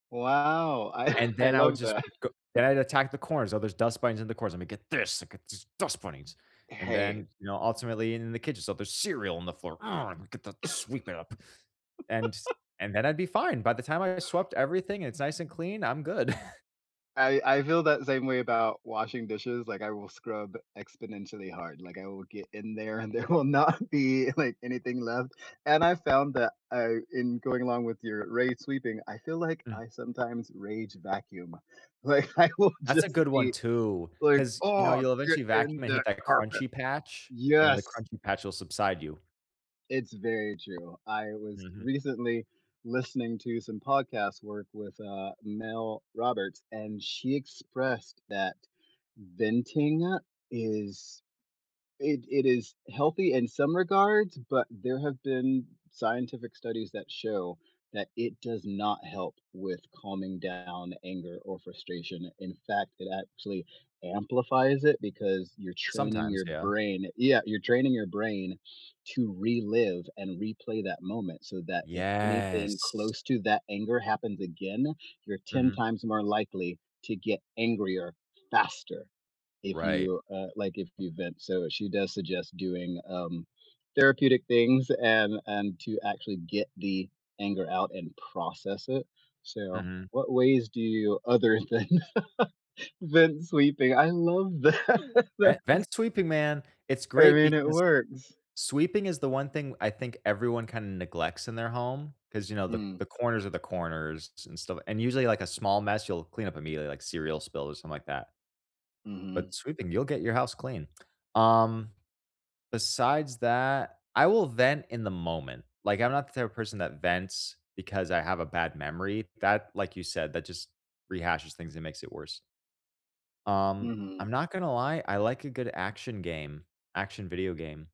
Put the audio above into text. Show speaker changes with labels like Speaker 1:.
Speaker 1: Wow, I
Speaker 2: And
Speaker 1: I
Speaker 2: then I would
Speaker 1: love
Speaker 2: just
Speaker 1: that.
Speaker 2: go then I'd attack the corners, so there's dust bunnies in the corners. "I'm gonna get this! I get these dust bunnies!" and
Speaker 1: Hey
Speaker 2: then, you know, ultimately in the kitchen, "So there's cereal on the floor. Ugh! Imma get that sweep it up," and and then I'd be fine. By the time I swept everything, and it's nice and clean, I'm good.
Speaker 1: I I feel that same way about washing dishes. Like, I will scrub exponentially hard. Like, I will get in there, and there will not be, like, anything left. And I found that I in going along with your rage-sweeping- I feel like
Speaker 2: Mm.
Speaker 1: I sometimes rage-vacuum. Like, I will
Speaker 2: That's a
Speaker 1: just
Speaker 2: good one
Speaker 1: be
Speaker 2: too,
Speaker 1: like,
Speaker 2: 'cause, you know,
Speaker 1: "Oh,
Speaker 2: you'll
Speaker 1: get
Speaker 2: eventually vacuum
Speaker 1: in
Speaker 2: and hit
Speaker 1: that
Speaker 2: that
Speaker 1: carpet."
Speaker 2: crunchy patch, and then the
Speaker 1: Yes.
Speaker 2: crunchy patch will subside you.
Speaker 1: It's very true. I was
Speaker 2: Mhm.
Speaker 1: recently listening to some podcast work with, uh, Mel Roberts, and she expressed that venting is it it is healthy in some regards, but there have been scientific studies that show that it does not help with calming down anger or frustration. In fact, it actually amplifies it because you're training
Speaker 2: Sometimes,
Speaker 1: your
Speaker 2: yeah.
Speaker 1: brain Yeah, you're training your brain to relive and replay that moment so that if anything
Speaker 2: Yes.
Speaker 1: close to that anger happens again, you're 10
Speaker 2: Mhm.
Speaker 1: times more likely to get angrier faster, if
Speaker 2: Right.
Speaker 1: you, uh, like, if you vent, so she does suggest doing, um, therapeutic things and and to actually get the anger out and process it. So,
Speaker 2: Mhm.
Speaker 1: what ways do you other than vent-sweeping? I love that, that is
Speaker 2: Vent vent-sweeping, man, it's
Speaker 1: I
Speaker 2: great
Speaker 1: mean, it
Speaker 2: because
Speaker 1: works.
Speaker 2: sweeping is the one thing I think everyone kinda neglects in their home, 'cause, you know, the
Speaker 1: Mm.
Speaker 2: the corners of the corners and stuff, and usually, like, a small mess, you'll clean up immediately, like cereal spill or something like that.
Speaker 1: Mhm.
Speaker 2: But sweeping, you'll get your house clean. Um, besides that, I will vent in the moment. Like, I'm not the type of person that vents because I have a bad memory. That, like you said, that just rehashes things and makes it worse. Um,
Speaker 1: Mhm.
Speaker 2: I'm not gonna lie, I like a good action game action video game.